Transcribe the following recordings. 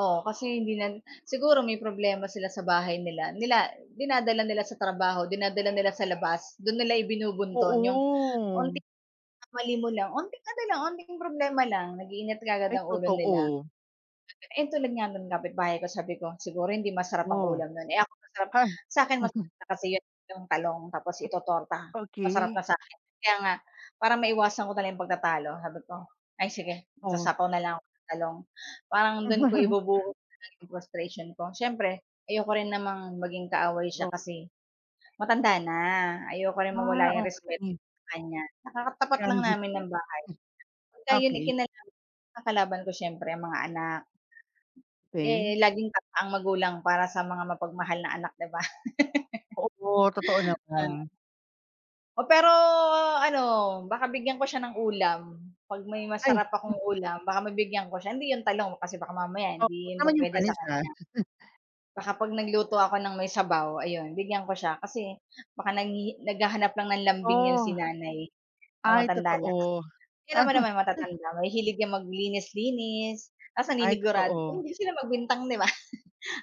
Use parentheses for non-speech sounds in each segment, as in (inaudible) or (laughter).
Oo, kasi hindi niyan siguro may problema sila sa bahay nila nila dinadala nila sa trabaho, dinadala nila sa labas, 'don nila ibinubunton yung Oo. unti na mali mo lang, unting ano lang, unting problema lang, nag-iinit kaagad Ay, ang ulo nila. totoo. (unintelligible) Ayon, tulad nga nung kapitbahay ko, sabi ko, "Siguro hindi masarap ang Oh? ulam no'n?" Eh, ako masarap Hay! sa akin (chuckles) masarap na kasi 'yon, yung talong, tapos O itototorta, masarap Okey. na sa akin. Kaya nga, para maiwasan ko na lang 'yong pagtatalo sabi ko, "Ay, sige, Oh. magsasapaw na lang ako ng talong." parang do'n ko (chuckles) ibubuhos muna yung frustration ko. Siyempre, ayoko rin namang maging kaaway siya, Oh? kasi matanda na, ayoko rin Ah, mawala 'yong respeto okey. sa kanya. Tsaka, katapat lang Ground beef namin yon? ng bahay. Pagka Hmm. iyon, eh, Okey. kinalab ang kalaban ko siyempre, ang mga anak. Eh, Okey. laging tama ang magulang para sa mga mapagmahal na anak di ba? Totoo po, totoo (chuckles) Oh. naman. Oh, pero ano, baka bigyan ko siya ng ulam, 'pag may Ay, masarap hmm. akong ulam baka mabigyan ko siya. Hindi 'yon talong, kasi baka mamaya Oo, 'wag hindi yun naman yung pupuwede sa panis, ah. kanya. (chuckles) Baka 'pag nagluto ako ng may sabaw ayun, bigyan ko siya, kasi baka nanghihi naghahanap lang ng lambing yun si Oh. Nanay. Oo, Ay, matanda na ka totoo. Tignan mo nama'y (chuckles) matatanda, mahihilig yang maglinis-linis, tas Ay, naninigurad totoo. hindi sila magbintang 'di ba?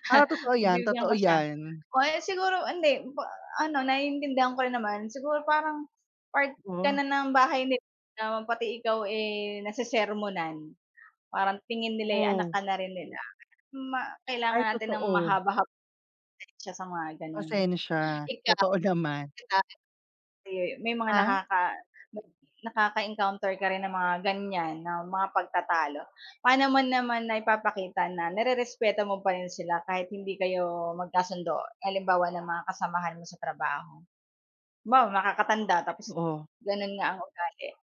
Ah, totoo yan, Pagbibigyan totoo ko siya. yan. O kaya siguro hindi, pa ano naiintindihan ko rin naman. Siguro parang part ka Oh. na ng bahay nila, pati ikaw, eh, nasesermonan, parang tingin nila, eh, anak Oo. ka na rin nila. Ma Ay, kailangan natin ng totoo. mahaba-hab pasensya sa mga gano'n. Pasensya? Ikaw, Totoo naman. di ba, di, may mga Ha? nakaka may nakaka-encounter ka rin ng mga ganyan na mga pagtatalo? Paano mo naman naipapakita na nirerespeto mo pa rin sila kahit hindi kayo magkasundo? Halimbawa ng mga kasamahan mo sa trabaho? Halimbawa, nakakatanda tapos, Oo. ganun nga ang ugali?